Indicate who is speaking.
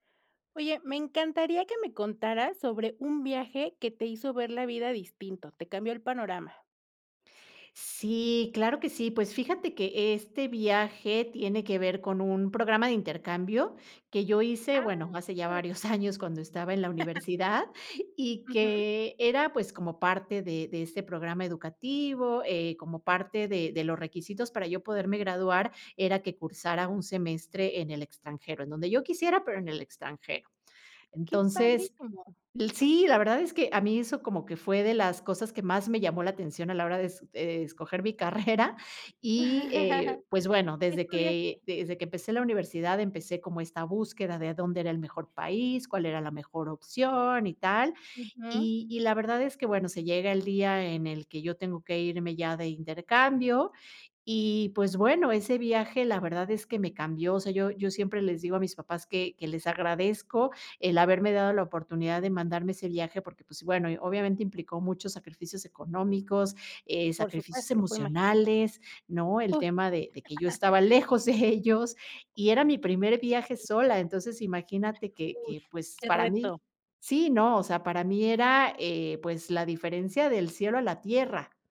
Speaker 1: Oye, me encantaría que me contaras, sobre un viaje, que te hizo ver la vida distinto, te cambió el panorama.
Speaker 2: Sí, claro que sí. Pues, fíjate que este viaje tiene que ver, con un programa de intercambio, que yo hice,
Speaker 1: ¡Ah,
Speaker 2: bueno, hace
Speaker 1: que
Speaker 2: ya
Speaker 1: padre!
Speaker 2: varios años cuando estaba en la universidad, y
Speaker 1: Ujú.
Speaker 2: que era, pues, como parte de de este programa educativo, eh, como parte de de los requisitos, para yo poderme graduar, era que cursara un semestre en el extranjero, en donde yo quisiera, pero, en el extranjero.
Speaker 1: Qué
Speaker 2: Entonces,
Speaker 1: padrísimo.
Speaker 2: sí, la verdad es que, a mí eso, como que fue de las cosas, que más me llamó la atención a la hora de es de escoger mi carrera y, eh, pues bueno,
Speaker 1: ¿Que,
Speaker 2: desde
Speaker 1: estudiaste?
Speaker 2: que desde que empecé la universidad, empecé como esta búsqueda, de dónde era el mejor país, cuál era la mejor opción, y tal,
Speaker 1: Ujú.
Speaker 2: y y la verdad es que, bueno, se llega el día, en el que yo tengo que irme ya de intercambio y, pues, bueno, ese viaje, la verdad es que me cambió, o sea, yo yo siempre les digo a mis papás, que que les agradezco, el haberme dado la oportunidad, de mandarme ese viaje, porque, pues, bueno, obviamente, implicó muchos sacrificios económicos, eh,
Speaker 1: Por supuesto,
Speaker 2: sacrificios
Speaker 1: lo puedo imaginar.
Speaker 2: emocionales, ¿no? El
Speaker 1: Uy,
Speaker 2: tema
Speaker 1: sí.
Speaker 2: de de que, yo estaba lejos de ellos, y era mi primer viaje sola. Entonces, imagínate que
Speaker 1: Uy,
Speaker 2: que, pues,
Speaker 1: qué
Speaker 2: para mí
Speaker 1: reto.
Speaker 2: Sí, ¿no?, o sea, para mí era, eh, pues, la diferencia del cielo a la tierra.